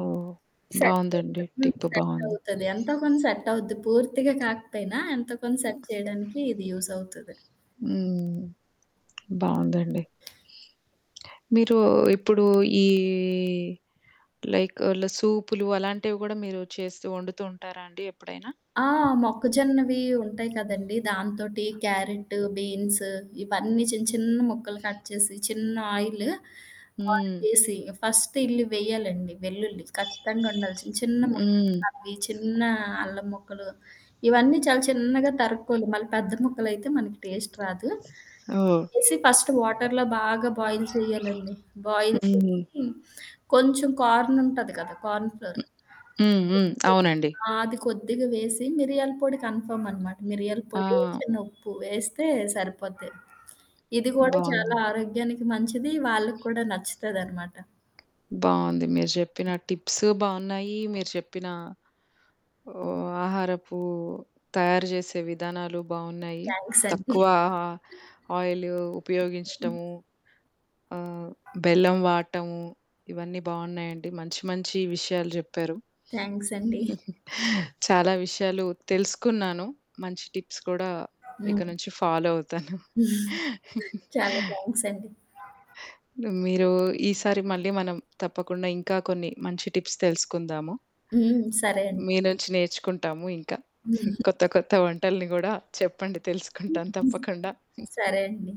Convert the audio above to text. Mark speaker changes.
Speaker 1: ఓహ్! బావుందండి.
Speaker 2: సెట్టవుతది. హ్మ్.
Speaker 1: టిప్పు బావుంది.
Speaker 2: సెట్టవుతది. ఎంతో కొంత సెట్టవుద్ది పూర్తిగా కాకపోయినా ఎంతో కొంత
Speaker 1: హ్మ్.
Speaker 2: సెట్ చేయడానికి ఇది యూజవుతది.
Speaker 1: ఆ! హ్మ్. బావుందండి. మీరు ఇప్పుడు ఈ లైక్ అల సూపులు అలాంటివి గూడా మీరు చేస్తూ వండుతూ ఉంటారా అండి ఎప్పుడైనా?
Speaker 2: ఆ! మొక్కజొన్నవి ఉంటాయి కదండీ! దాంతోటి క్యారెట్టు, బీన్స్ ఇవన్నీ చిన్న చిన్న ముక్కలు కట్ చేసి చిన్న ఆయిలు, ఆయిలేసి
Speaker 1: హ్మ్.
Speaker 2: చేేసి ఫస్ట్ ఇల్లి వెయ్యాలండి. వెల్లుల్లి. ఖచ్చితంగా ఉండాల్సిన చిన్న
Speaker 1: హ్మ్.
Speaker 2: ముక్కలవి, చిన్న అల్లం మొక్కలు ఇవన్నీ చాలా చిన్నగా తరుక్కోవాలి. మళ్ళీ పెద్ద మొక్కలైతే మనకి టేస్ట్ రాదు.
Speaker 1: ఓహ్!
Speaker 2: వేసి ఫస్ట్ వాటరులో బాగా బాయిల్ చేయ్యాలండి. బాయిల్
Speaker 1: హ్మ్.
Speaker 2: చేసి కొంచెం కార్న్ ఉంటది కదా! Corn flour.
Speaker 1: హ్మ్. హ్మ్. హ్మ్. అవునండి.
Speaker 2: ఆ! అది కొద్దిగా వేసి మిరియాల పొడి కన్ఫర్మనమాట. మిరియాల
Speaker 1: ఆ!
Speaker 2: పొడి చిన్న ఉప్పు వేస్తే సరిపోద్ది. ఇది గూడా చాలా
Speaker 1: బావుందండి.
Speaker 2: ఆరోగ్యానికి మంచిది. వాళ్ళకి కూడా నచ్చుతదనమాట.
Speaker 1: బావుంది. మీరు చెప్పిన
Speaker 2: హ్మ్.
Speaker 1: టిప్స్ బావున్నాయి. మీరు చెప్పినా ఆహ్, ఆహారపు తయారు చేసే విధానాలు బాగున్నాయి.
Speaker 2: థ్యాంక్సండి.
Speaker 1: తక్కువ
Speaker 2: ఆ!
Speaker 1: ఆ ఆయిలు
Speaker 2: హ్మ్.
Speaker 1: ఉపయోగించటము. ఆహ్, బెల్లం వాటము. ఇవన్నీ బావున్నాయండి. మంచి మంచి విషయాలు జెప్పారు.
Speaker 2: థ్యాంక్సండి.
Speaker 1: చాలా విషయాలు తెలుసుకున్నాను. మంచి టిప్స్ కూడా. ఇక
Speaker 2: హ్మ్.
Speaker 1: నుంచి ఫాలో అవుతాను.
Speaker 2: చాలా థ్యాంక్సండి.
Speaker 1: మీరు ఈసారి మళ్ళీ మనం తప్పకుండా ఇంకా కొన్ని మంచి టిప్స్ తెలుసుకుందాము?
Speaker 2: హ్మ్. సరే అండి.
Speaker 1: మీ నుంచి నేర్చుకుంటాము ఇంకా.
Speaker 2: హ్మ్.
Speaker 1: కొత్త కొత్త వంటల్ని గూడా చెప్పండి తెలుసుకుంటాం
Speaker 2: హ్మ్.
Speaker 1: తప్పకుండా.
Speaker 2: సరే అండి.